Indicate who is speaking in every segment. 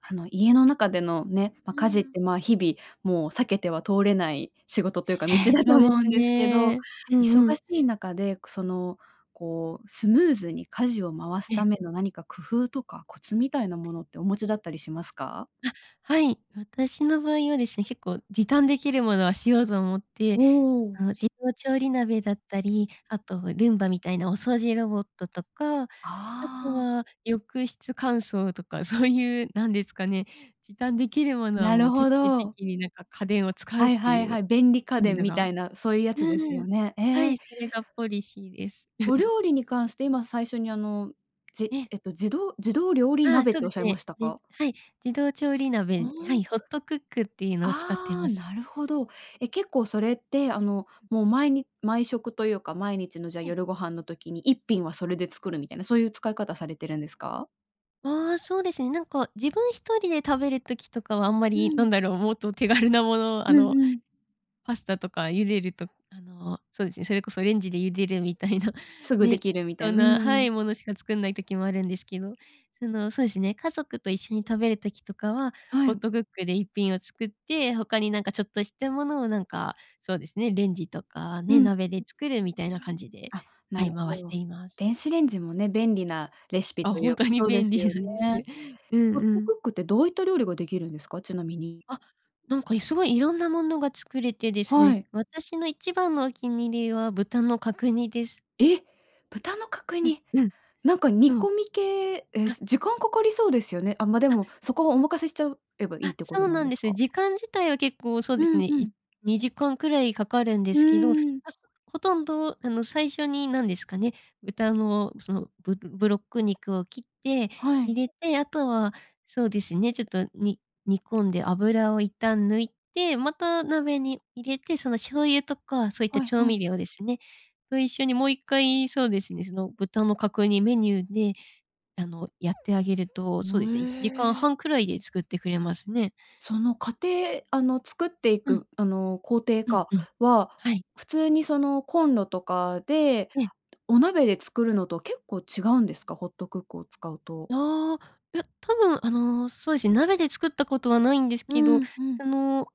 Speaker 1: あの、家の中でのね、
Speaker 2: う
Speaker 1: ま、
Speaker 2: ー
Speaker 1: 家事っ
Speaker 2: ん。
Speaker 1: て、ま、日々もう避けては通れない仕事
Speaker 2: え
Speaker 1: というか道
Speaker 2: え、
Speaker 1: だ
Speaker 2: そ
Speaker 1: と
Speaker 2: うで
Speaker 1: 思
Speaker 2: す
Speaker 1: うんですけど、
Speaker 2: ね。う
Speaker 1: 忙
Speaker 2: んうん。
Speaker 1: しい中で、くその、こうスムーズに家事を回す
Speaker 2: え
Speaker 1: た
Speaker 2: え。
Speaker 1: めの何か、工夫とかコツみたいなものってお持ちだったりしますか？
Speaker 2: あ、はい。私の場合はですね、結構、時短できるものはしようと思って、
Speaker 1: お
Speaker 2: あ
Speaker 1: お。
Speaker 2: の自動調理鍋だったり、あとルンバみたいなお掃除ロボットとか、あと
Speaker 1: ああ。
Speaker 2: は浴室乾燥とかそういうなんですかね、時短できるものは
Speaker 1: な
Speaker 2: も
Speaker 1: る
Speaker 2: う徹
Speaker 1: ほ
Speaker 2: 底
Speaker 1: ど。
Speaker 2: 的になんか家電を使うっ
Speaker 1: はい
Speaker 2: て
Speaker 1: は
Speaker 2: い
Speaker 1: い
Speaker 2: う
Speaker 1: はい。便利家
Speaker 2: いう
Speaker 1: 電
Speaker 2: の
Speaker 1: み
Speaker 2: が。
Speaker 1: たいなそういうやつです
Speaker 2: う
Speaker 1: よ
Speaker 2: ん。
Speaker 1: ね。
Speaker 2: は
Speaker 1: ええ。
Speaker 2: い、それがポリシーです。
Speaker 1: お 料理に関して、今最初にあの、じ
Speaker 2: ええ。
Speaker 1: えっと、自動自動料理
Speaker 2: ああ、
Speaker 1: 鍋っ
Speaker 2: そう
Speaker 1: てお
Speaker 2: で
Speaker 1: っしゃ
Speaker 2: す
Speaker 1: いま
Speaker 2: ね。
Speaker 1: した
Speaker 2: じ
Speaker 1: か？
Speaker 2: はい。自動調理
Speaker 1: お
Speaker 2: 鍋、は
Speaker 1: お。
Speaker 2: い、ホットクックっていうのを使ってい
Speaker 1: あ
Speaker 2: ま
Speaker 1: あ、
Speaker 2: す。
Speaker 1: なるほど。え、結構それって、あの、もう毎に毎食というか毎日の、じゃあ
Speaker 2: ええ。
Speaker 1: 夜ご飯の時に一品はそれで作るみたいな、そういう使い方されてるんですか？
Speaker 2: ああ、そうですね。なんか自分1人で食べる時とかはあんま
Speaker 1: う
Speaker 2: り、な
Speaker 1: ん。
Speaker 2: んだろう、もっと手軽なもの、あ
Speaker 1: う
Speaker 2: の
Speaker 1: んうん。
Speaker 2: パスタとか茹でるとあの、そうですね、それこそレンジで茹でるみたいな
Speaker 1: すぐ
Speaker 2: ね、
Speaker 1: 出来る
Speaker 2: 適
Speaker 1: みたい
Speaker 2: 当
Speaker 1: な。うー
Speaker 2: なは
Speaker 1: ん。
Speaker 2: い、ものしか作んない時もあるんですけど。その、そうですね、家族と一緒に食べる時とかは、
Speaker 1: は
Speaker 2: ホッ
Speaker 1: い。
Speaker 2: トクックで一品を作って、他に何かちょっとしたものをなんか、そうですね、レンジとか
Speaker 1: う
Speaker 2: ね、
Speaker 1: ん。
Speaker 2: 鍋で
Speaker 1: ん。
Speaker 2: 作るみたいな感じで、
Speaker 1: あ、な
Speaker 2: は
Speaker 1: る
Speaker 2: い、回
Speaker 1: ほ
Speaker 2: して
Speaker 1: ど。
Speaker 2: います。
Speaker 1: 電子レンジもね、便利なレシピ
Speaker 2: あ、
Speaker 1: とい
Speaker 2: ほん
Speaker 1: う
Speaker 2: とに
Speaker 1: そうで
Speaker 2: 便
Speaker 1: す
Speaker 2: 利
Speaker 1: よ
Speaker 2: なんです。
Speaker 1: ね。
Speaker 2: うん
Speaker 1: ホッ
Speaker 2: う
Speaker 1: トク
Speaker 2: ん。
Speaker 1: ックってどういった料理ができるんですか、ちなみに。
Speaker 2: あ、なんかいすごい色んなものが作れてです
Speaker 1: は
Speaker 2: ね、
Speaker 1: い。
Speaker 2: 私の一番のお気に入りは豚の角煮です。
Speaker 1: え！豚の角
Speaker 2: ん、
Speaker 1: 煮。
Speaker 2: うん。
Speaker 1: なんか煮
Speaker 2: そう。
Speaker 1: 込み系、え、
Speaker 2: あ
Speaker 1: 時間かかりそうですよね。あ、まで
Speaker 2: あ。
Speaker 1: も、そこをお任せしちゃうえばいい
Speaker 2: あ、
Speaker 1: ってこ
Speaker 2: そ
Speaker 1: と
Speaker 2: う
Speaker 1: なん
Speaker 2: なん
Speaker 1: で
Speaker 2: で
Speaker 1: す
Speaker 2: す。
Speaker 1: か？
Speaker 2: 時間自体は結構そう
Speaker 1: う
Speaker 2: ですね、
Speaker 1: んう
Speaker 2: い
Speaker 1: ん。
Speaker 2: 2時間くらいかかるんで
Speaker 1: う
Speaker 2: すけど、
Speaker 1: ーん。
Speaker 2: あ、そ、ほとんどあの、最初になんですかね、豚のその、ブブロック肉を切って
Speaker 1: はい。
Speaker 2: 入れて、あとはそうですね、ちょっとに煮込んで油を一旦抜いて、また鍋に入れて、その醤油とかそういった
Speaker 1: はい
Speaker 2: 調
Speaker 1: は
Speaker 2: 味
Speaker 1: い。
Speaker 2: 料ですね、と一緒にもう1回、そうですね、その、豚の角煮メニューで、あの、やってあげると、そうですねいちじ
Speaker 1: む
Speaker 2: かん
Speaker 1: え。
Speaker 2: はんくらいで作ってくれますね。
Speaker 1: その過程あの、作ってい
Speaker 2: うん。
Speaker 1: く、あの、工程
Speaker 2: うん、
Speaker 1: か
Speaker 2: うん。
Speaker 1: は
Speaker 2: はい。
Speaker 1: 普通にそのコンロとかで、
Speaker 2: ええ。
Speaker 1: お鍋で作るのと結構違うんですか、ホットクックを使うと？
Speaker 2: ああ、いや。多分あの、そうですね、鍋で作ったことはないんです
Speaker 1: う
Speaker 2: けど、
Speaker 1: ん、う
Speaker 2: そ
Speaker 1: ん。
Speaker 2: の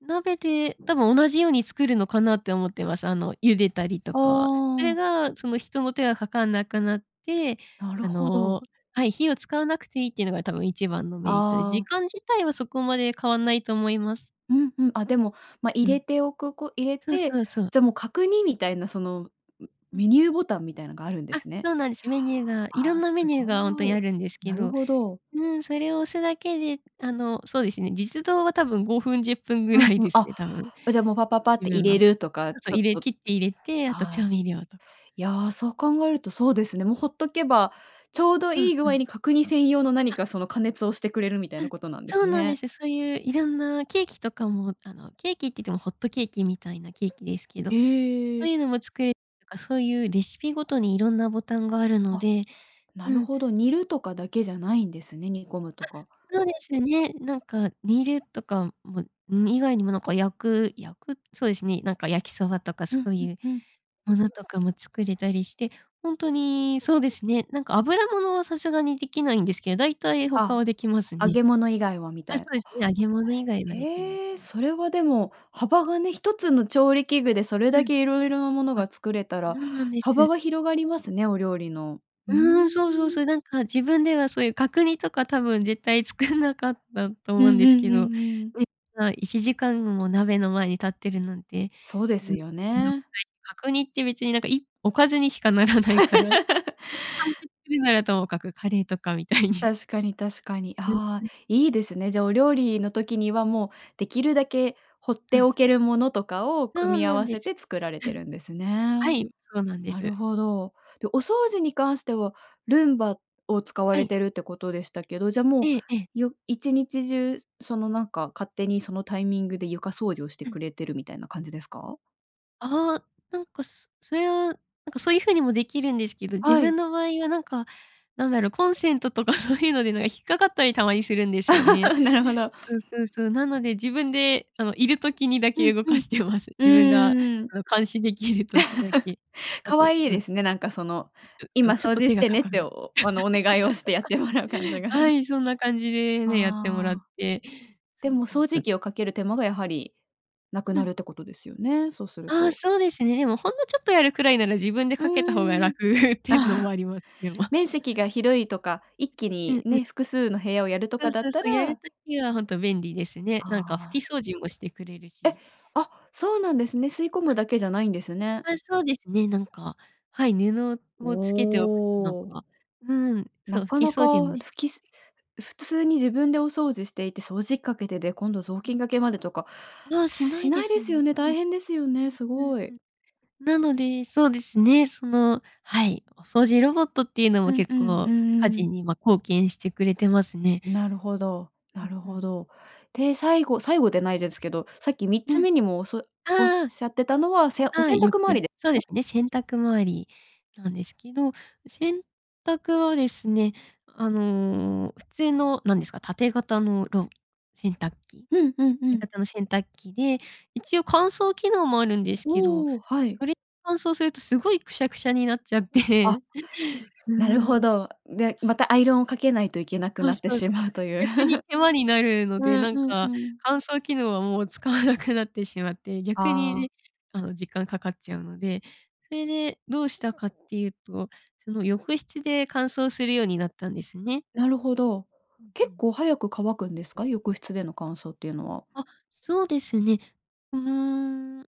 Speaker 2: 鍋で多分同じように作るのかなって思ってます。あの、茹でたりと
Speaker 1: あ
Speaker 2: か。それ
Speaker 1: あ。
Speaker 2: がその、人の手がかかんなくなって、
Speaker 1: なる
Speaker 2: あ
Speaker 1: ほど。
Speaker 2: のはい、火を使わなくていいっていうのが、多分一番のメリットで、
Speaker 1: あ
Speaker 2: 時
Speaker 1: あ。
Speaker 2: 間自体はそこまで変わんないと思います。
Speaker 1: うんうん。あ、でも、ま、入
Speaker 2: うん。そうそうそ
Speaker 1: れ
Speaker 2: う。
Speaker 1: ておくこ入れ
Speaker 2: うん。そう
Speaker 1: て、
Speaker 2: そうそう。
Speaker 1: じゃもう角煮みたいな、その
Speaker 2: う
Speaker 1: メ
Speaker 2: ん。
Speaker 1: ニューボタンみたいのがあるんで
Speaker 2: あ、
Speaker 1: すね。
Speaker 2: そうなんです。メニューが色
Speaker 1: あ
Speaker 2: ん
Speaker 1: あ、
Speaker 2: な
Speaker 1: す
Speaker 2: メニューがほんと
Speaker 1: ご
Speaker 2: にあ
Speaker 1: い。
Speaker 2: るんですけ
Speaker 1: なる
Speaker 2: ど。
Speaker 1: ほど。
Speaker 2: うん、それを押すだけで、あのそうですね、実働は多分5分10分ぐ
Speaker 1: う
Speaker 2: ら
Speaker 1: ん、
Speaker 2: い
Speaker 1: う
Speaker 2: で
Speaker 1: ん。
Speaker 2: す
Speaker 1: あ、
Speaker 2: ね、多分。
Speaker 1: じゃあもう、パパパって 入
Speaker 2: が。
Speaker 1: れ
Speaker 2: そ
Speaker 1: るとか、
Speaker 2: うそう。
Speaker 1: ちょ
Speaker 2: 入
Speaker 1: っ
Speaker 2: れ
Speaker 1: と、
Speaker 2: 切って入れて、あと
Speaker 1: あ
Speaker 2: 調
Speaker 1: あ、
Speaker 2: 味料とか。
Speaker 1: いや、そう考えるとそうですね。もうほっとけば、ちょうど
Speaker 2: そう、
Speaker 1: いい具
Speaker 2: そ
Speaker 1: 合
Speaker 2: う。
Speaker 1: に角煮専用の何
Speaker 2: あ。
Speaker 1: か、その加熱をしてくれるみたい
Speaker 2: う
Speaker 1: な
Speaker 2: ん。
Speaker 1: ことなんで
Speaker 2: そ
Speaker 1: す
Speaker 2: うなんで
Speaker 1: ね。
Speaker 2: す。そういういろんなケーキとかも、あのケーキって言ってもホットケーキみたいなケーキですけど、そ
Speaker 1: へ
Speaker 2: う
Speaker 1: え。
Speaker 2: いうのも作れとか、そういうレシピごとに色んなボタンがあるの
Speaker 1: あ、
Speaker 2: で
Speaker 1: な
Speaker 2: う
Speaker 1: る
Speaker 2: ん。
Speaker 1: ほど。煮るとかだけじゃないんですね、煮込むと
Speaker 2: あ、
Speaker 1: か。
Speaker 2: そうですね。なんか煮るとかも以外にも、なんか焼く焼くそうですね、なんか焼きそばとか
Speaker 1: うん、
Speaker 2: そう
Speaker 1: う
Speaker 2: い
Speaker 1: ん、
Speaker 2: う
Speaker 1: うん。
Speaker 2: ものとかも作れたりして、ほんとにそうですね、なんか油物はさすがにできないんですけど、大体、他
Speaker 1: あ、
Speaker 2: はできます
Speaker 1: 揚
Speaker 2: ね。
Speaker 1: げ物以外はみ
Speaker 2: あ、
Speaker 1: た
Speaker 2: そ
Speaker 1: いな。
Speaker 2: うですね。揚げ物以外はできます
Speaker 1: ええ、
Speaker 2: ね。
Speaker 1: それはでも、幅がね、一つの調理器具でそれ
Speaker 2: う
Speaker 1: だ
Speaker 2: ん。
Speaker 1: け色々なもの
Speaker 2: あ。
Speaker 1: が作れたら、
Speaker 2: そうなんで
Speaker 1: 幅
Speaker 2: す。
Speaker 1: が広がりますね、お料理の。ふー
Speaker 2: うん、そうそう
Speaker 1: ん。
Speaker 2: そう。なんか自分では、そういう角煮とか多分絶対作んなかったと
Speaker 1: う
Speaker 2: 思うん
Speaker 1: ん
Speaker 2: で
Speaker 1: う
Speaker 2: すけ
Speaker 1: んう
Speaker 2: ど、
Speaker 1: んうん。
Speaker 2: ね、ま、1時間も鍋の前に立ってるなんて
Speaker 1: そうですよね。
Speaker 2: 角煮って別になんかいおかずにしかならないから、それで完 結するならともかく、カレーとかみたいに。
Speaker 1: 確かに確かに。
Speaker 2: うん、
Speaker 1: ああ、
Speaker 2: うん。
Speaker 1: いいですね。じゃあ、お料理の時にはもうできるだけ、ほっ
Speaker 2: そ
Speaker 1: て
Speaker 2: うそ
Speaker 1: おけ
Speaker 2: う。
Speaker 1: るものとかを
Speaker 2: そ
Speaker 1: 組
Speaker 2: う
Speaker 1: み合
Speaker 2: なん
Speaker 1: わ
Speaker 2: で
Speaker 1: せ
Speaker 2: す。
Speaker 1: て作られ
Speaker 2: う
Speaker 1: て
Speaker 2: ん。
Speaker 1: るんですね。
Speaker 2: はい、そうなんで
Speaker 1: なる
Speaker 2: す。
Speaker 1: ほど。で、お掃除に関してはルンバを使わ
Speaker 2: は
Speaker 1: れ
Speaker 2: い。
Speaker 1: てるってことでしたけど、じゃあも
Speaker 2: ええ、ええ。
Speaker 1: う、よ1日中そのなんか勝手にそのタイミングで、床掃除をして
Speaker 2: う
Speaker 1: く
Speaker 2: ん。
Speaker 1: れてるみたいな感じですか？
Speaker 2: あ、なんかすそゆ、なんかそういう風にもできるんですけど、自
Speaker 1: はい。
Speaker 2: 分の場合はなんか、なんだろう、コンセントとかそういうのでなん引っかかったりたまにするんですよね。
Speaker 1: なるほど。
Speaker 2: うんうん、そう。なので自分で、あの、いる時にだ
Speaker 1: う
Speaker 2: け
Speaker 1: ん
Speaker 2: 動か
Speaker 1: うん。
Speaker 2: してます。自分が
Speaker 1: うーん、
Speaker 2: あの、監視できる時だけ。あ
Speaker 1: 可
Speaker 2: と、
Speaker 1: 愛い
Speaker 2: なん
Speaker 1: ですね、なんか、その、
Speaker 2: いすでも、
Speaker 1: 今
Speaker 2: ちょっ
Speaker 1: 掃
Speaker 2: と
Speaker 1: 除
Speaker 2: 手
Speaker 1: し
Speaker 2: が
Speaker 1: て
Speaker 2: か
Speaker 1: ね
Speaker 2: か
Speaker 1: って、
Speaker 2: る。
Speaker 1: おあの、お願いをしてやってもらう感じ が。
Speaker 2: はい、そんな感じでね、やってもらっ
Speaker 1: あ、
Speaker 2: て、そ
Speaker 1: で
Speaker 2: う
Speaker 1: も、掃
Speaker 2: そ
Speaker 1: 除
Speaker 2: う。
Speaker 1: 機をかける手間が、やはりな
Speaker 2: う
Speaker 1: くな
Speaker 2: ん。
Speaker 1: るってことですよね。そうする
Speaker 2: ああ、
Speaker 1: と。
Speaker 2: そうですね。もうほんのちょっとやるくらいなら自分で
Speaker 1: う
Speaker 2: かけた方が
Speaker 1: ーん。
Speaker 2: 楽っていうのも
Speaker 1: あ
Speaker 2: あ
Speaker 1: あ、
Speaker 2: りまでま
Speaker 1: 面積が広いとか、一気
Speaker 2: う
Speaker 1: に
Speaker 2: んうん。
Speaker 1: ね、複数の部屋をやると
Speaker 2: そ
Speaker 1: か
Speaker 2: う
Speaker 1: だっ
Speaker 2: そうそ
Speaker 1: た
Speaker 2: う、やる
Speaker 1: ら
Speaker 2: 時はほんと便利ですね。
Speaker 1: あ
Speaker 2: なんか拭き
Speaker 1: あ。
Speaker 2: 掃除もしてくれる
Speaker 1: え！
Speaker 2: し。
Speaker 1: あ、そうなんですね。吸い込
Speaker 2: あ
Speaker 1: むだけじゃないんですね。
Speaker 2: あ、そうですね、なんか、はい、布
Speaker 1: お
Speaker 2: をつけておくとなん
Speaker 1: お。
Speaker 2: か、うん、そ
Speaker 1: な
Speaker 2: う、拭
Speaker 1: か
Speaker 2: き
Speaker 1: な
Speaker 2: 掃除
Speaker 1: か
Speaker 2: もし
Speaker 1: ふきす普通に自分でお掃除していて掃除かけで、で、今度雑
Speaker 2: ふん。
Speaker 1: 巾掛けまでとか
Speaker 2: ああ、しな
Speaker 1: し
Speaker 2: いで
Speaker 1: ない
Speaker 2: す
Speaker 1: です
Speaker 2: もん
Speaker 1: よね。大
Speaker 2: ね。
Speaker 1: 変ですよ
Speaker 2: う
Speaker 1: ね、
Speaker 2: ん
Speaker 1: す
Speaker 2: うん
Speaker 1: ご
Speaker 2: う
Speaker 1: い。
Speaker 2: ん。なのでそうですね、その、はい、お掃除ロボットっていうの
Speaker 1: う
Speaker 2: も
Speaker 1: ん
Speaker 2: 結
Speaker 1: うんう
Speaker 2: 構家
Speaker 1: んう
Speaker 2: 事
Speaker 1: ん。
Speaker 2: に、ま、貢献してくれてますね。
Speaker 1: なるほど、な
Speaker 2: うん
Speaker 1: る
Speaker 2: う
Speaker 1: ほ
Speaker 2: ん。
Speaker 1: ど。で、最後最後でないですけど、さっきみっ
Speaker 2: う
Speaker 1: つ
Speaker 2: ん。
Speaker 1: めにもおそおっ
Speaker 2: ああ。
Speaker 1: しゃってたのは、せお
Speaker 2: は
Speaker 1: 洗
Speaker 2: い、よ
Speaker 1: 濯回
Speaker 2: く
Speaker 1: りで
Speaker 2: そう
Speaker 1: かね？
Speaker 2: ですね、洗濯回りなんですけど、洗濯はですね、あの、普通のなんですか、縦型のろ洗濯機、
Speaker 1: うんうんう
Speaker 2: 縦
Speaker 1: ん。
Speaker 2: 型の洗濯機で、一応乾燥機能もあるんですけど、
Speaker 1: おお、はい。
Speaker 2: それ乾燥するとすごいくしゃくしゃになっちゃっ
Speaker 1: あ、
Speaker 2: て。う
Speaker 1: なるほ
Speaker 2: ん。
Speaker 1: ど。で、またアイロンをかけないといけなく
Speaker 2: そう
Speaker 1: なって
Speaker 2: そうそ
Speaker 1: し
Speaker 2: う。
Speaker 1: まうという。
Speaker 2: 逆に 手間になるの
Speaker 1: う
Speaker 2: で、
Speaker 1: ん
Speaker 2: なん
Speaker 1: うんう
Speaker 2: か
Speaker 1: ん。
Speaker 2: 乾燥機能はもう使わなくなってしまって、逆
Speaker 1: ああ。
Speaker 2: にあの、時間かかっちゃうので、それでどうしたかっていうと、その浴室で乾燥するようになったんですね。
Speaker 1: なるほど。
Speaker 2: うんう
Speaker 1: 結
Speaker 2: ん。
Speaker 1: 構早く乾くんですか？浴室での乾燥っていうのは。
Speaker 2: あ、そうですね。うーん、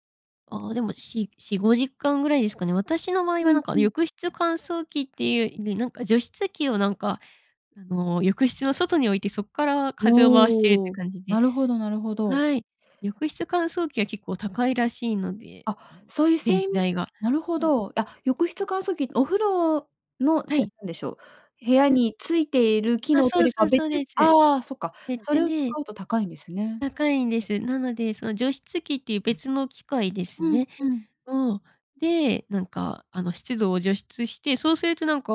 Speaker 2: あ、でも4-4、5時間ぐらいですかね。私の場合
Speaker 1: う
Speaker 2: はなん
Speaker 1: ん
Speaker 2: か、
Speaker 1: うん。
Speaker 2: 浴室乾燥機っていうよりなんか、除湿機をなんか、あの、浴室の外に置いてそっから風を回してるっ
Speaker 1: お
Speaker 2: て
Speaker 1: お、
Speaker 2: 感じで
Speaker 1: なるほどなるほど。
Speaker 2: はい、浴室乾燥機は結構高いらしいので、あの、
Speaker 1: あ、そういう
Speaker 2: 電
Speaker 1: せ
Speaker 2: 気
Speaker 1: ん
Speaker 2: 代が。
Speaker 1: なるほ
Speaker 2: うん、
Speaker 1: ど。あ、浴
Speaker 2: う
Speaker 1: 室
Speaker 2: ん。
Speaker 1: 乾燥機、お風呂の
Speaker 2: は
Speaker 1: せ
Speaker 2: い。
Speaker 1: 何でしょう。部屋
Speaker 2: うん。
Speaker 1: についている機
Speaker 2: あ、
Speaker 1: 能
Speaker 2: そ
Speaker 1: と
Speaker 2: う
Speaker 1: り
Speaker 2: そ
Speaker 1: か
Speaker 2: うそ
Speaker 1: 別
Speaker 2: うです。
Speaker 1: あ、そっか、
Speaker 2: 別
Speaker 1: それを使
Speaker 2: で
Speaker 1: うと高いんですね。
Speaker 2: 高いんです。なので、その除湿器っていう別の機械です
Speaker 1: ふん
Speaker 2: ね。
Speaker 1: ふん。
Speaker 2: を、で、なんかあの、湿度を除湿して、そうするとなんか、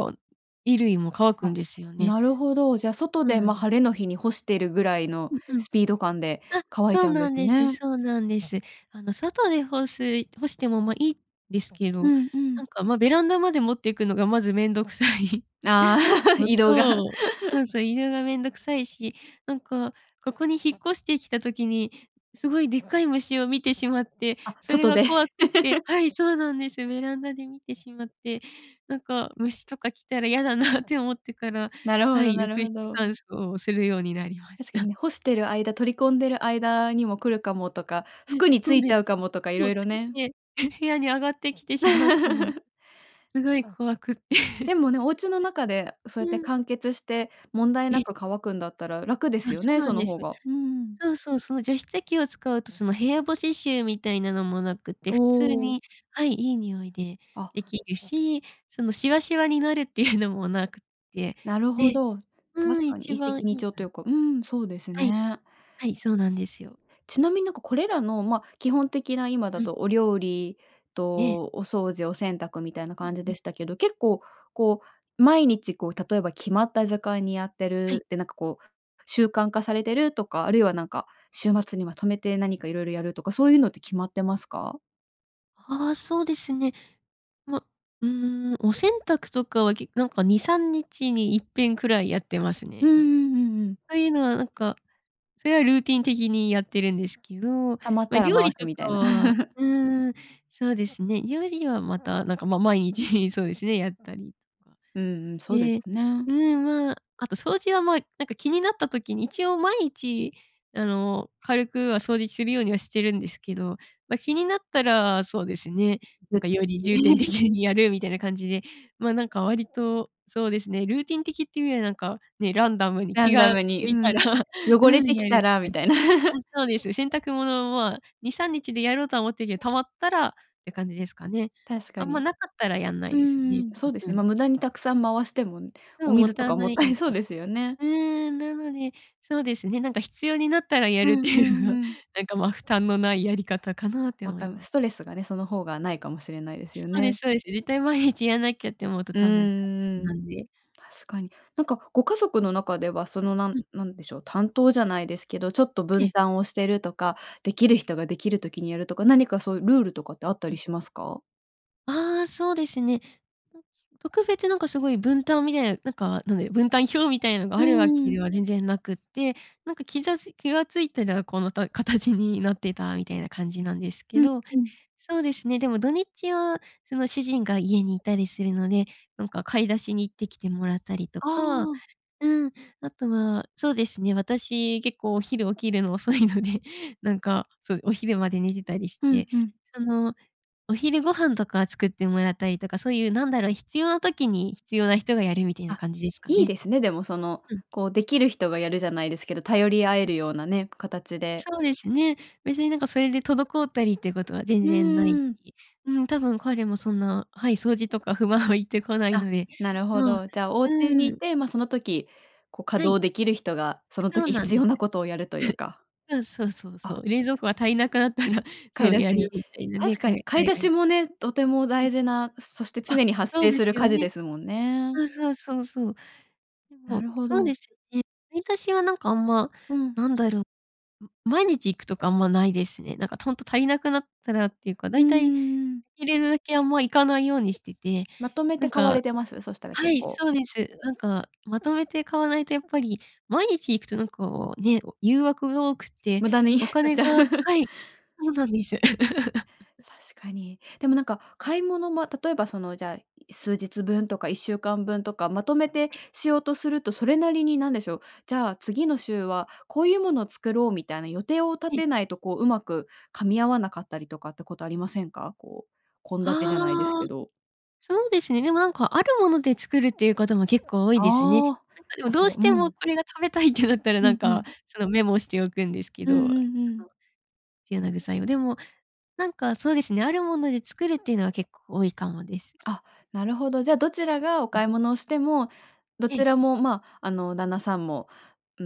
Speaker 2: 衣類も乾くん
Speaker 1: あ、
Speaker 2: ですよね。
Speaker 1: なるほど、じゃあ、
Speaker 2: そ
Speaker 1: 外
Speaker 2: う
Speaker 1: で、
Speaker 2: なん
Speaker 1: ま、
Speaker 2: で
Speaker 1: 晴れの日に干してるぐらいの
Speaker 2: うんうん。
Speaker 1: スピード感で
Speaker 2: あ、
Speaker 1: 乾い
Speaker 2: そ
Speaker 1: ち
Speaker 2: う
Speaker 1: ゃうんで
Speaker 2: なん
Speaker 1: す
Speaker 2: です、
Speaker 1: ね。
Speaker 2: そうなんです。あの、外で干す干しても、ま、いですけ
Speaker 1: う
Speaker 2: ど、
Speaker 1: んう
Speaker 2: な
Speaker 1: ん。
Speaker 2: んか、ま、ベランダまで持っていくのがまずめんどくさい。
Speaker 1: ああ、
Speaker 2: お
Speaker 1: 移動が。
Speaker 2: そう、そう そう、移動がめんどくさいし、なんか、ここに引っ越してきた時に、すごいでっかい虫を見てしまって、
Speaker 1: あ、
Speaker 2: それ
Speaker 1: 外
Speaker 2: が
Speaker 1: で。
Speaker 2: 怖くて はい、そうなんです。ベランダで見てしまって、なんか虫とか来たら嫌だなって思ってから
Speaker 1: なるほ
Speaker 2: は
Speaker 1: ど
Speaker 2: い、
Speaker 1: なる
Speaker 2: 浴
Speaker 1: ほ
Speaker 2: 室
Speaker 1: ど。
Speaker 2: 乾燥をするようになりまし
Speaker 1: 確かに
Speaker 2: た。
Speaker 1: ね、干してる間、取り込んでる間にも来る
Speaker 2: う
Speaker 1: かもとか、
Speaker 2: ん。え、
Speaker 1: 服に
Speaker 2: そ
Speaker 1: つ
Speaker 2: う
Speaker 1: い
Speaker 2: で
Speaker 1: ち
Speaker 2: す。
Speaker 1: ゃうかもとか
Speaker 2: そ
Speaker 1: 色
Speaker 2: うつ
Speaker 1: 々
Speaker 2: い
Speaker 1: ね。
Speaker 2: てへ部屋に上がってきてしまうかも。すごい怖くて。
Speaker 1: でもね、お家の中で そうやっ
Speaker 2: う
Speaker 1: て
Speaker 2: ん。
Speaker 1: 完結して、問題
Speaker 2: え
Speaker 1: な
Speaker 2: え。
Speaker 1: く乾くんだったら楽で
Speaker 2: あ、
Speaker 1: すよ
Speaker 2: そう
Speaker 1: ね、
Speaker 2: な
Speaker 1: そ
Speaker 2: ん
Speaker 1: の
Speaker 2: です。
Speaker 1: 方が。うーん。
Speaker 2: そうそうそう、除湿器を使うとその部屋干し臭みたいなのもなくて、
Speaker 1: お
Speaker 2: 普通
Speaker 1: お。
Speaker 2: に、はい、いい匂いで
Speaker 1: あ。
Speaker 2: できるし、そのシワシワになるっていうのもなくて、
Speaker 1: なるほ
Speaker 2: で
Speaker 1: ど。
Speaker 2: う
Speaker 1: 確
Speaker 2: ん、
Speaker 1: かに
Speaker 2: 一
Speaker 1: 一石
Speaker 2: 番
Speaker 1: 二
Speaker 2: いい
Speaker 1: 鳥
Speaker 2: か
Speaker 1: とい
Speaker 2: な...
Speaker 1: うか、うん、そうです
Speaker 2: はい。
Speaker 1: ね。
Speaker 2: はい、そうなんですよ。
Speaker 1: ちなみになんか、これらの、ま、基本的な今だ
Speaker 2: うん。
Speaker 1: とお料理
Speaker 2: ええ。
Speaker 1: とお掃除、お洗濯みたいな
Speaker 2: ふん
Speaker 1: 感じ
Speaker 2: ふ
Speaker 1: で
Speaker 2: ん。
Speaker 1: したけど、結構こう、毎日こう、例えば決まった時間にやって
Speaker 2: はい。
Speaker 1: るって、なんかこう、習慣化されてるとか、あるいはなんか、週
Speaker 2: うん。
Speaker 1: 末にまとめて何か色々やるとか、そういうのって決まってますか？
Speaker 2: ああ、そうですね。ま、うーん、お洗濯とかはけなんか2、3日にいっぺんくらいやってます
Speaker 1: うん
Speaker 2: ね、なんか。
Speaker 1: うんうんうん。
Speaker 2: そういうのはなんか、それはルーティン的にやってるんですけど、
Speaker 1: 溜まっ
Speaker 2: ま、
Speaker 1: たら
Speaker 2: 料
Speaker 1: 回
Speaker 2: 理
Speaker 1: す
Speaker 2: と
Speaker 1: みたい
Speaker 2: か
Speaker 1: な。
Speaker 2: は、うーん、そうですね、料理はまた、なんか、ま、毎日そうですね、やったりとか。
Speaker 1: うん、うん、そうで
Speaker 2: で
Speaker 1: すね。
Speaker 2: うん、まあ、あと掃除はまあ、なんか気になった時に一応毎日あの、軽くは掃除するようにはしてるんですけど、ま、気になったらそうですね、なんかより
Speaker 1: [unintelligible]
Speaker 2: 重点的 にやるみたいな感じで、ま、なんか割とそうですね、ルーティン的っていうよりはなんかね、ランダムに
Speaker 1: ラ
Speaker 2: 気
Speaker 1: ンダ
Speaker 2: が
Speaker 1: ムに
Speaker 2: 向
Speaker 1: う
Speaker 2: いたら、
Speaker 1: ん、汚
Speaker 2: う
Speaker 1: れ
Speaker 2: ん、
Speaker 1: てき
Speaker 2: やるっ
Speaker 1: た
Speaker 2: て
Speaker 1: らみ
Speaker 2: 感
Speaker 1: た
Speaker 2: じ。
Speaker 1: いな。
Speaker 2: あ、そうです。洗濯物は、まあ、2、3日でやろうとは思ってるけ溜まったらって感じですかね。
Speaker 1: 確か
Speaker 2: あんま
Speaker 1: に。
Speaker 2: なかったらやんな
Speaker 1: う
Speaker 2: いです
Speaker 1: んう
Speaker 2: ね。
Speaker 1: ん、そうで
Speaker 2: う
Speaker 1: す、
Speaker 2: んう
Speaker 1: ま、
Speaker 2: ん。
Speaker 1: 無駄にたくさん回しても、
Speaker 2: そ
Speaker 1: お
Speaker 2: う、勿
Speaker 1: 水と
Speaker 2: 体
Speaker 1: かも
Speaker 2: な
Speaker 1: っ
Speaker 2: い
Speaker 1: た
Speaker 2: ん
Speaker 1: い そう
Speaker 2: で。
Speaker 1: ですよね。
Speaker 2: うーん、なので、そうですね、なんか必要になったらや
Speaker 1: う
Speaker 2: るって
Speaker 1: んう
Speaker 2: いう
Speaker 1: ん
Speaker 2: のが
Speaker 1: うん。
Speaker 2: なんか、ま、負担のないやり方かなって
Speaker 1: わ
Speaker 2: 思い
Speaker 1: かま
Speaker 2: ます。
Speaker 1: ストレスがね、その方がないかもしれないで
Speaker 2: そ
Speaker 1: すよ
Speaker 2: うで
Speaker 1: ね。
Speaker 2: すそうです。絶対毎日やんなきゃって思うと
Speaker 1: うんう
Speaker 2: 多分大変
Speaker 1: んうん。
Speaker 2: なんで。
Speaker 1: 確かに。なんかご家族の中ではそのなん
Speaker 2: うん。
Speaker 1: なんでしょう、担当じゃないですけど、ちょっと
Speaker 2: え
Speaker 1: 分
Speaker 2: え。
Speaker 1: 担をしてるとか、できる人ができる時にやるとか、何かそういうルールとかってあった
Speaker 2: う
Speaker 1: り
Speaker 2: ん。
Speaker 1: しますか？
Speaker 2: ああ、そうですね。特別何かすごい分担みたいな、なんか、なんで、分担表みたいなが
Speaker 1: う
Speaker 2: あるわけ
Speaker 1: ん。
Speaker 2: では全然なくって、なんか気ざつ気が付いたらこの、た形になってたみたいな感じなんですけ
Speaker 1: うん
Speaker 2: ど。
Speaker 1: うん。
Speaker 2: そうですね、でも土日はその主人が家にいたりするので、なんか買い出しに行ってきてもらったりと
Speaker 1: あ
Speaker 2: か。
Speaker 1: あ。
Speaker 2: うん。あとはそうですね、私結構お昼起きるの遅いので、なんかそう、お昼まで寝てたりし
Speaker 1: ふん
Speaker 2: て、
Speaker 1: ふん。
Speaker 2: その、お昼ご飯とか作ってもらったりとか、そういうなんだろう、必要な時に必要な人がやるみたいな
Speaker 1: あ、
Speaker 2: 感じですか
Speaker 1: いい
Speaker 2: ね。
Speaker 1: ですね。でも、その、
Speaker 2: うん。
Speaker 1: こう、できる人がやるじゃないですけど、頼り合え
Speaker 2: い
Speaker 1: るよう
Speaker 2: す
Speaker 1: なね、形で。
Speaker 2: そうですね。別になんかそれで滞ったりっていうことは全
Speaker 1: う
Speaker 2: 然ないし、
Speaker 1: ーん。
Speaker 2: うん多分、彼もそんな、はい、掃除とか不満を言ってこない
Speaker 1: あ、
Speaker 2: ので、
Speaker 1: なるほ
Speaker 2: まあ
Speaker 1: ど。じゃあ、お家に
Speaker 2: う
Speaker 1: い
Speaker 2: ん。
Speaker 1: て、ま、その時こう稼
Speaker 2: はい。
Speaker 1: 働できる人がその
Speaker 2: そう
Speaker 1: 時
Speaker 2: なん
Speaker 1: 必
Speaker 2: です。
Speaker 1: 要なことをやるというか。
Speaker 2: そうそうそうそ
Speaker 1: あ。
Speaker 2: う。冷蔵庫が足りなくなったら、
Speaker 1: 買
Speaker 2: そ
Speaker 1: い
Speaker 2: う、
Speaker 1: 出
Speaker 2: や
Speaker 1: し
Speaker 2: る
Speaker 1: に。
Speaker 2: みたいなね、
Speaker 1: 確か
Speaker 2: か
Speaker 1: に
Speaker 2: え
Speaker 1: 買い
Speaker 2: 彼
Speaker 1: 出
Speaker 2: がい
Speaker 1: しもね、とても
Speaker 2: うん。
Speaker 1: 大事な、そして
Speaker 2: あっ、
Speaker 1: 常に発
Speaker 2: そう
Speaker 1: 生
Speaker 2: で
Speaker 1: する
Speaker 2: すよ
Speaker 1: 家事
Speaker 2: ね。
Speaker 1: ですもんね。
Speaker 2: そうそうそうそう。で
Speaker 1: な
Speaker 2: も、
Speaker 1: るほ
Speaker 2: そうで
Speaker 1: ど。
Speaker 2: すよね。買い出しはなんかあんま、
Speaker 1: うん。
Speaker 2: なんだろ、ん、毎日行くとかあんまないですね。なんかとんと足りなくなったらっていうか、
Speaker 1: うー
Speaker 2: 大体
Speaker 1: ん。
Speaker 2: いれるだけあんま行かないようにしてて。
Speaker 1: まとめ
Speaker 2: な
Speaker 1: て
Speaker 2: ん
Speaker 1: 買わ
Speaker 2: か
Speaker 1: れてます？そしたら
Speaker 2: は
Speaker 1: 結
Speaker 2: い、
Speaker 1: 構。
Speaker 2: そうです。なんかまとめて買わないとやっぱり、毎日行くとなんかね、誘惑が多くて、
Speaker 1: 無駄に
Speaker 2: お
Speaker 1: 買っ
Speaker 2: 金
Speaker 1: ちゃ
Speaker 2: がはい、そうなんです。
Speaker 1: 確かに。でも、なんか買い物、ま、例えばその、じゃあ、数日分とか1週間分とかまとめて
Speaker 2: え。
Speaker 1: しようとすると、それなりに、何でしょう、じゃあ次の週はこういうものを作ろうみたいな予定を立
Speaker 2: ええ。
Speaker 1: てないとこう、うまく噛み合わなかったりとかってことありませんか？こう、献立じ
Speaker 2: あ
Speaker 1: ゃないです
Speaker 2: あ。
Speaker 1: けど。
Speaker 2: そうですね。でも、なんかあるもので作るっていうことも結構多いですね。なん
Speaker 1: ああ、
Speaker 2: かでも
Speaker 1: あ、
Speaker 2: どう
Speaker 1: そう、
Speaker 2: して
Speaker 1: う
Speaker 2: も
Speaker 1: ん。
Speaker 2: これが食べたいってなったらな
Speaker 1: う
Speaker 2: ん
Speaker 1: んう
Speaker 2: か
Speaker 1: ん。
Speaker 2: そのメモをしておくんですけ
Speaker 1: うん
Speaker 2: ど、
Speaker 1: う
Speaker 2: [unintelligible]
Speaker 1: んうん。
Speaker 2: 必要な具材を。でもなんかそうですね、あるもので作るっていうのは結構多いかもです。
Speaker 1: あ、なるほど。じゃ、どちらがお
Speaker 2: うん。
Speaker 1: 買い物をしても、ど
Speaker 2: え
Speaker 1: ち
Speaker 2: え。
Speaker 1: らも、まあ、あの、旦那さんも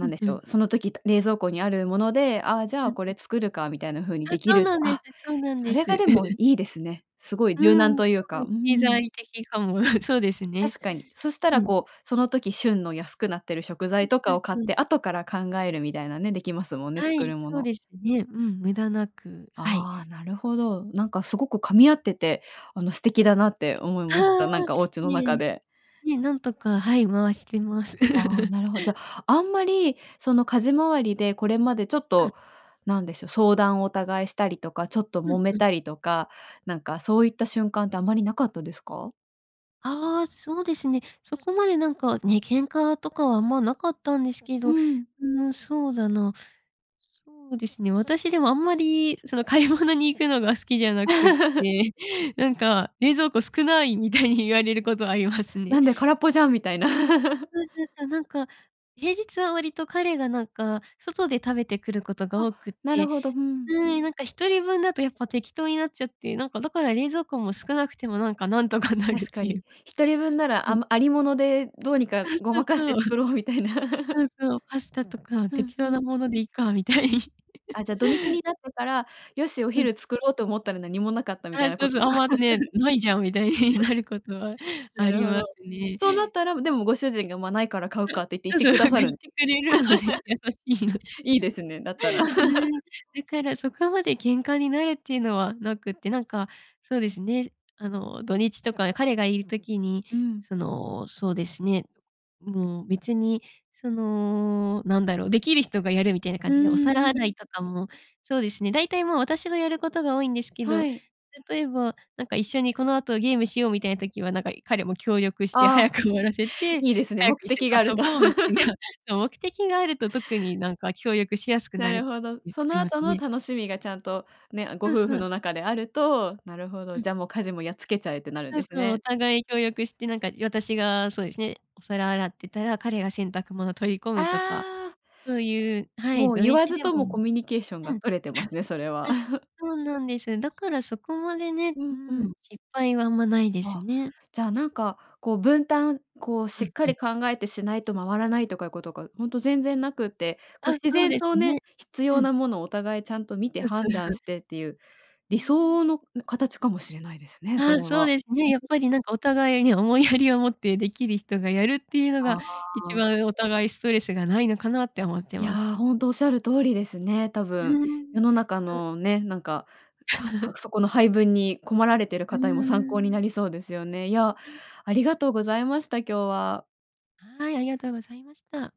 Speaker 2: う
Speaker 1: ん
Speaker 2: ん
Speaker 1: で
Speaker 2: う
Speaker 1: しょ
Speaker 2: ん。
Speaker 1: う、その時、た冷蔵庫にあるもので、あ、じゃ
Speaker 2: う
Speaker 1: あ、
Speaker 2: ん
Speaker 1: こ
Speaker 2: う
Speaker 1: れ
Speaker 2: ん。
Speaker 1: 作るかみたいな風に
Speaker 2: あ、
Speaker 1: でき
Speaker 2: そ
Speaker 1: る
Speaker 2: う
Speaker 1: っ
Speaker 2: な
Speaker 1: て
Speaker 2: んです
Speaker 1: あ、
Speaker 2: そうなん
Speaker 1: そ
Speaker 2: で
Speaker 1: れ
Speaker 2: す。
Speaker 1: がでもい いですね。すごい
Speaker 2: う
Speaker 1: 柔軟
Speaker 2: ん、多
Speaker 1: というか、
Speaker 2: 分
Speaker 1: うー
Speaker 2: 経
Speaker 1: ん。
Speaker 2: 済的かも。そうですね。
Speaker 1: 確かに。そした
Speaker 2: う
Speaker 1: ら
Speaker 2: ん。
Speaker 1: こう、その時旬の安くなってる食
Speaker 2: う
Speaker 1: 材
Speaker 2: ん、
Speaker 1: と
Speaker 2: た
Speaker 1: かを
Speaker 2: す、
Speaker 1: 買っ
Speaker 2: うん。
Speaker 1: て後から考えるみたいなね、できますもんね、
Speaker 2: は
Speaker 1: 作
Speaker 2: い、
Speaker 1: るも
Speaker 2: そう
Speaker 1: の。
Speaker 2: ですね。うん、無駄なく、はい。
Speaker 1: ああ、なるほ
Speaker 2: [unintelligible]
Speaker 1: ど。なんかすごく噛み合っててあの素
Speaker 2: う
Speaker 1: 敵
Speaker 2: ん。
Speaker 1: だなって思いまし
Speaker 2: あ
Speaker 1: た、なん
Speaker 2: あ、
Speaker 1: かお家の
Speaker 2: い
Speaker 1: 中
Speaker 2: え。
Speaker 1: で。
Speaker 2: いえ、なんとか、はい、回してます。
Speaker 1: あ、なるほじゃ、あんまりその家事周りでこれまでちょっ
Speaker 2: うん。
Speaker 1: と何でしょう、相談をお互いしたりとかちょっと
Speaker 2: う
Speaker 1: 揉
Speaker 2: ん
Speaker 1: め
Speaker 2: うん。
Speaker 1: たりとか、なんかそういった瞬間ってあまりなかったですか？
Speaker 2: ああ、そうですね。そこまでなんかね、喧嘩とかはあんまなかったんですけ
Speaker 1: う
Speaker 2: ど。
Speaker 1: ん。
Speaker 2: ん、そうだな、そうですね、私でもあんまり、その買い物に行くのが好きじゃなくっ て、なんか冷蔵庫少ない、みたいに言われることはありますね。はい。
Speaker 1: なんで、空っぽじゃんみたいな。
Speaker 2: そうそうそう。なんか平日は割と彼がなんか、外で食べてくることが
Speaker 1: あ、
Speaker 2: 多くっ
Speaker 1: なる
Speaker 2: て、
Speaker 1: ほど、うん。
Speaker 2: うーん、なんか1人分だと、やっぱ適当になっちゃって。なんか、だから冷蔵庫も少なくてもなんか、なんとかなるっ
Speaker 1: 確か
Speaker 2: てい
Speaker 1: に。
Speaker 2: う。
Speaker 1: 1人分なら、
Speaker 2: う
Speaker 1: あ
Speaker 2: ん。
Speaker 1: ま有り物で、どうにか
Speaker 2: あ、
Speaker 1: ご
Speaker 2: そう
Speaker 1: まかして
Speaker 2: そう。
Speaker 1: 作 ろうみたいな。
Speaker 2: ああ、そう。パスタとか
Speaker 1: うん、
Speaker 2: 適
Speaker 1: ふ
Speaker 2: 当
Speaker 1: ん。
Speaker 2: なものでいいか、みたいに。
Speaker 1: あ、じゃ、土日 になってから、よし、お
Speaker 2: うん。
Speaker 1: 昼作ろうと思ったら、何もなかったみた
Speaker 2: あ、
Speaker 1: いな
Speaker 2: そ
Speaker 1: こ
Speaker 2: うそ
Speaker 1: と
Speaker 2: う。あ
Speaker 1: が。
Speaker 2: んま、ね、ないじゃんみたいに なることは
Speaker 1: な
Speaker 2: あ
Speaker 1: る
Speaker 2: り
Speaker 1: ほ
Speaker 2: ま
Speaker 1: ど。
Speaker 2: すね。
Speaker 1: そうなったら、
Speaker 2: う
Speaker 1: でも、
Speaker 2: ん。
Speaker 1: ご主人が、ま、ないから買うか、って言って
Speaker 2: そ
Speaker 1: 行っ
Speaker 2: う
Speaker 1: て
Speaker 2: そう
Speaker 1: く
Speaker 2: そう、
Speaker 1: だ
Speaker 2: なん
Speaker 1: さ
Speaker 2: か
Speaker 1: る
Speaker 2: 言
Speaker 1: ん
Speaker 2: ってくれるので、優しいので。
Speaker 1: いいですね、だったら。
Speaker 2: う ん、だからそこまで喧嘩になるっていうのはなくって。なんかそうですね。あの土日とかに彼がいる時に、
Speaker 1: うん。
Speaker 2: その、そうですね、もう別に、その何だろう。できる人がやるみたいな感
Speaker 1: うー
Speaker 2: じで、お皿
Speaker 1: ん、うん。
Speaker 2: 洗いとかも、そうですね、大体もう私がやることが多いんですけ
Speaker 1: は
Speaker 2: ど、
Speaker 1: い。
Speaker 2: 例えば、なんか一緒にこの後ゲームしよう、みたいな時は、なんか彼も協力して、早
Speaker 1: ああ、
Speaker 2: く終わらせて、
Speaker 1: いいですね、
Speaker 2: 早く
Speaker 1: 目
Speaker 2: 一
Speaker 1: 的があ
Speaker 2: 緒に
Speaker 1: る
Speaker 2: 遊
Speaker 1: と。
Speaker 2: ぼうみたい な、そ、目的があると特になんか、協力しやすく
Speaker 1: な
Speaker 2: なるっ
Speaker 1: るほど。
Speaker 2: て
Speaker 1: そ
Speaker 2: あ
Speaker 1: の
Speaker 2: りま
Speaker 1: 後
Speaker 2: す
Speaker 1: の
Speaker 2: ね。
Speaker 1: 楽しみがちゃんと、ね、ご
Speaker 2: そう
Speaker 1: 夫
Speaker 2: そ
Speaker 1: 婦
Speaker 2: う。
Speaker 1: の中であると、なるほど。
Speaker 2: うん。
Speaker 1: じゃ、もう家事も、やっつけちゃえってなるん
Speaker 2: そ
Speaker 1: で
Speaker 2: う
Speaker 1: す
Speaker 2: そう。お
Speaker 1: ね。
Speaker 2: 互い協力して、なんか私がそうですね、お皿洗ってたら、彼が洗濯物取り込むとか。
Speaker 1: ああ。
Speaker 2: そういう、は
Speaker 1: も
Speaker 2: い、
Speaker 1: う
Speaker 2: 土
Speaker 1: 言わ
Speaker 2: 日
Speaker 1: ず
Speaker 2: で
Speaker 1: と
Speaker 2: もう
Speaker 1: も、コ
Speaker 2: ん。
Speaker 1: ミュニケーション
Speaker 2: う
Speaker 1: が
Speaker 2: ん
Speaker 1: 取れてますね、それは。
Speaker 2: あ、そうなんです。だからそこまでね、
Speaker 1: う
Speaker 2: う
Speaker 1: ん、うん。
Speaker 2: ん、失敗はあんまないです
Speaker 1: わあ、
Speaker 2: ね。
Speaker 1: じゃ、なんかこう分担、こう
Speaker 2: う
Speaker 1: しっ
Speaker 2: ん、
Speaker 1: か
Speaker 2: うん。
Speaker 1: り考えてしないと回らないとかいうことが、ほんと全然なくって、こう
Speaker 2: あ、
Speaker 1: 自
Speaker 2: そう
Speaker 1: 然
Speaker 2: です
Speaker 1: とね、
Speaker 2: ね。
Speaker 1: 必
Speaker 2: う
Speaker 1: 要
Speaker 2: ん。
Speaker 1: なものを、お互いちゃんと見て
Speaker 2: そうそう
Speaker 1: 判断
Speaker 2: そう。
Speaker 1: してっていう
Speaker 2: う
Speaker 1: 理
Speaker 2: ーん。
Speaker 1: 想の、う、形かもしれないですね、
Speaker 2: あ
Speaker 1: そ
Speaker 2: あ、
Speaker 1: れ
Speaker 2: そう
Speaker 1: は。
Speaker 2: ですね。やっ
Speaker 1: う、ね。
Speaker 2: ぱりなんか、お互いに思いやりを持って、できる人がやるっていうのが、
Speaker 1: あ
Speaker 2: 一
Speaker 1: あ。
Speaker 2: 番お互いストレスがないのかなって思って
Speaker 1: い
Speaker 2: ます。
Speaker 1: や、ほんとおっしゃる通りですね。多
Speaker 2: う
Speaker 1: 分
Speaker 2: ーん。
Speaker 1: 世の中
Speaker 2: そう。
Speaker 1: のね、なんか、はは くそこの配分に困られてる
Speaker 2: う
Speaker 1: 方にも、参考に
Speaker 2: ーん。
Speaker 1: なりそうですよね。いや、ありがとうございました、今日は。
Speaker 2: はい、ありがとうございました。